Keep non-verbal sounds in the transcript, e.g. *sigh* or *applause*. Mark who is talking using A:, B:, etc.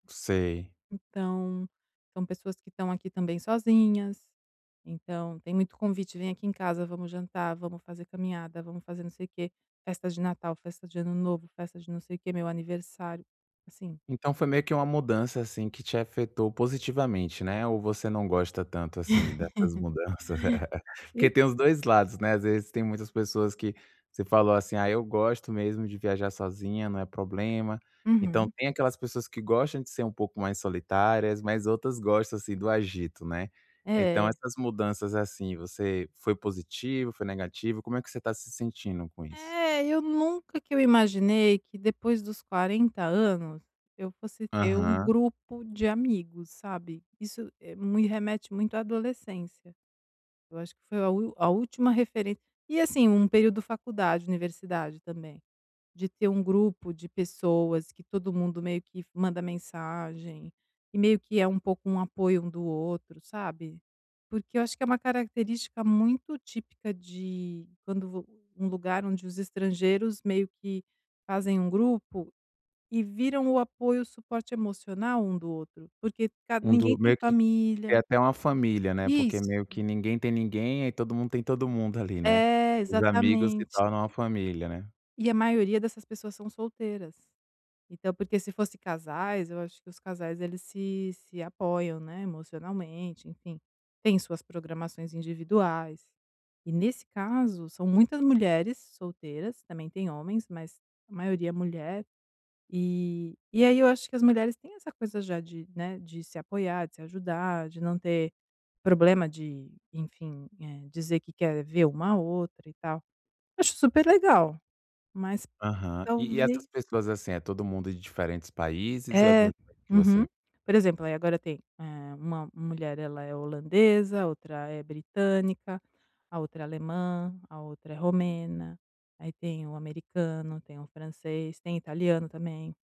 A: Sei.
B: Então, são pessoas que estão aqui também sozinhas, então tem muito convite: “Vem aqui em casa, vamos jantar, vamos fazer caminhada, vamos fazer não sei o quê, festa de Natal, festa de Ano Novo, festa de não sei o quê, meu aniversário”, assim
A: Então foi meio que uma mudança, assim, que te afetou positivamente, né, ou você não gosta tanto assim dessas
B: *laughs*
A: mudanças?
B: E
A: Porque tem os dois lados, né. Às vezes tem muitas pessoas que você falou assim, ah, eu gosto mesmo de viajar sozinha, não é problema. Então
B: Uhum.
A: tem aquelas pessoas que gostam de ser um pouco mais solitárias, mas outras gostam assim do agito, né. Então
B: É.
A: essas mudanças assim você foi positivo, foi negativo? Como é que você está se sentindo com isso?
B: É, eu nunca que imaginei que, depois dos 40 anos, eu fosse ter um
A: Aham.
B: grupo de amigos, sabe? Isso me remete muito à adolescência. Eu acho que foi a última a última referência e, assim, um período de faculdade, universidade também, de ter um grupo de pessoas que todo mundo meio que manda mensagem, e meio que é um pouco um apoio um do outro, sabe? Porque eu acho que é uma característica muito típica de quando vo um lugar onde os estrangeiros meio que fazem um grupo e viram o apoio, o suporte emocional um do outro, porque ca
A: Um
B: ninguém
A: do
B: tem
A: meio que que
B: família.
A: até uma família, né, porque
B: Isso.
A: meio que ninguém tem ninguém, aí todo mundo tem todo mundo ali, né.
B: É,
A: Os amigos se
B: exatamente.
A: tornam uma família, né.
B: E a maioria dessas pessoas são solteiras. Então porque se fossem casais, eu acho que os casais se se apoiam emocionalmente, né? Enfim, têm suas programações individuais. E, nesse caso, são muitas mulheres solteiras. Também têm homens, mas a maioria é mulher, e aí eu acho que as mulheres têm essa coisa já, né, de se apoiar, de se ajudar, de não ter problema de enfim, eh, dizer que quer ver uma à outra e tal. Acho super legal, mas
A: Aham. E e
B: talvez
A: essas pessoas assim, é todo mundo de diferentes países, ou é do
B: É,
A: mesmo país que
B: uhum.
A: você?
B: Por exemplo aí agora tem eh uma uma mulher ela é holandesa, a outra é britânica, a outra é alemã, a outra é romena, aí tem o americano, tem o francês, tem italiano também.